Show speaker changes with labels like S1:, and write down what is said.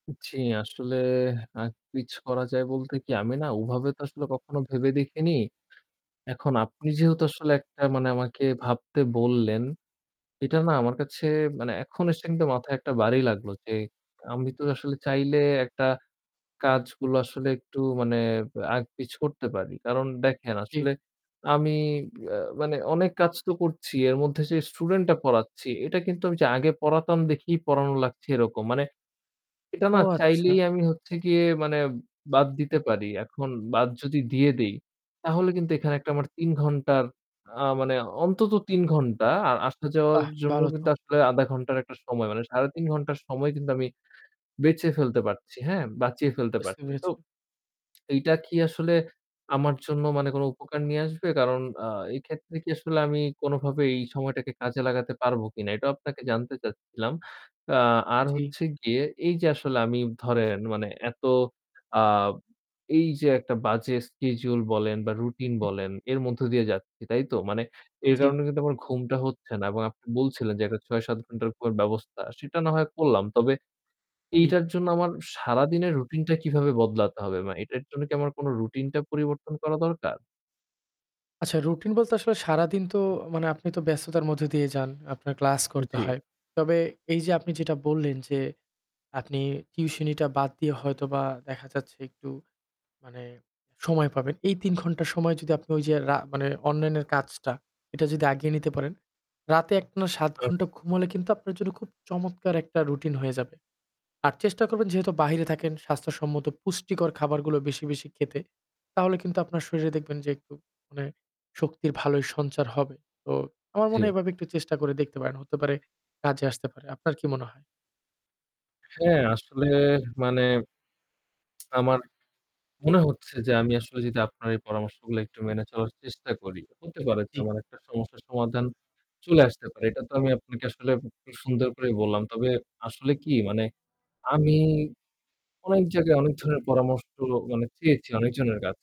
S1: জি। আসলে, আগ-পিছ করা যায় বলতে কি আমি না ওভাবে তো আসলে কখনো ভেবে দেখিনি। এখন আপনি যেহেতু আসলে একটা মানে আমাকে ভাবতে বললেন, এটা না আমার কাছে মানে এখন এসে কিন্তু মাথায় একটা বাড়ি লাগলো, যে আমি তো আসলে চাইলে একটা কাজগুলো আসলে একটু মানে আগ-পিছ করতে পারি। কারণ দেখেন আসলে
S2: জি।
S1: আমি আ মানে অনেক কাজ তো করছি। এর মধ্যে, যে student টা পড়াচ্ছি এটা কিন্তু আমি ওইযে আগে পড়াতাম দেখেই পড়ানো লাগছে এরকম। মানে এটা
S2: ও
S1: না
S2: আচ্ছা।
S1: চাইলেই আমি হচ্ছে গিয়ে মানে বাদ দিতে পারি। এখন বাদ যদি দিয়ে দেই, তাহলে কিন্তু এখানে একটা আমার ৩ ঘণ্টার আ মানে অন্তত ৩ ঘণ্টা আর আসা যাওয়ার
S2: বাহ!
S1: জন্য
S2: ভালো তো।
S1: কিন্তু আসলে ০.৫ ঘণ্টার একটা সময় মানে ৩.৫ ঘণ্টার সময় কিন্তু আমি বেঁচে ফেলতে পারছি, হ্যাঁ? বাঁচিয়ে ফেলতে
S2: বুঝতে
S1: পারছি। তো
S2: পেরেছি।
S1: এইটা কি আসলে আমার জন্য মানে কোন উপকার নিয়ে আসবে? কারণ আ এই ক্ষেত্রে কি আসলে আমি কোনভাবে এই সময়টাকে কাজে লাগাতে পারব কিনা? এটাও আপনাকে জানতে চাচ্ছিলাম। আ আর
S2: জি।
S1: হচ্ছে গিয়ে এই যে আসলে আমি ধরেন মানে এত আ এই যে একটা বাজে schedule বলেন বা routine বলেন এর মধ্য দিয়ে যাচ্ছি তাই তো? মানে এর
S2: জি।
S1: কারণে কিন্তু আমার ঘুমটা হচ্ছে না এবং আপনি বলছিলেন, যে একটা ৬-৭ ঘণ্টার ঘুমের ব্যবস্থা। সেটা না হয় করলাম। তবে
S2: জি।
S1: এইটার জন্য আমার সারাদিনের routine টা কিভাবে বদলাতে হবে? মানে এটার জন্য কি আমার কোন routine টা পরিবর্তন করা দরকার?
S2: আচ্ছা routine বলতে আসলে সারাদিন তো মানে আপনি তো ব্যস্ততার মধ্য দিয়ে যান, আপনার class করতে
S1: জি।
S2: হয়। তবে এই যে আপনি যেটা বললেন, যে আপনি tuition টা বাদ দিয়ে
S1: হু, হু।
S2: হয়তোবা দেখা যাচ্ছে একটু মানে সময় পাবেন। এই ৩ ঘন্টা সময় যদি আপনি ঐ যে রা মানে অনলাইনের কাজটা এটা যদি আগিয়ে নিতে পারেন, রাতে একটানা ৭ ঘন্টা ঘুম
S1: আচ্ছা।
S2: হলে কিন্তু আপনার জন্য খুব চমৎকার একটা routine হয়ে যাবে। আর চেষ্টা করবেন যেহেতু বাহিরে থাকেন স্বাস্থ্যসম্মত পুষ্টিকর খাবারগুলো বেশি, বেশি খেতে। তাহলে কিন্তু আপনার শরীরে দেখবেন যে একটু মানে শক্তির ভালোই সঞ্চার হবে। তো আমার মনে হয়
S1: জি।
S2: এভাবে একটু চেষ্টা করে দেখতে পারেন। হতে পারে কাজে আসতে পারে। আপনার কি মনে হয়?
S1: হ্যাঁ, আসলে মানে আমার মনে হচ্ছে যে আমি আসলে যদি আপনার এই পরামর্শগুলা একটু মেনে চলার চেষ্টা করি, হতে পারে যে
S2: জি।
S1: আমার একটা সমস্যার সমাধান চলে আসতে পারে। এটা তো আমি আপনাকে আসলে খুব সুন্দর করেই বললাম। তবে আসলে কি মানে আমি অনেক জায়গায় অনেক ধরনের পরামর্শ মানে চেয়েছি অনেকজনের কাছে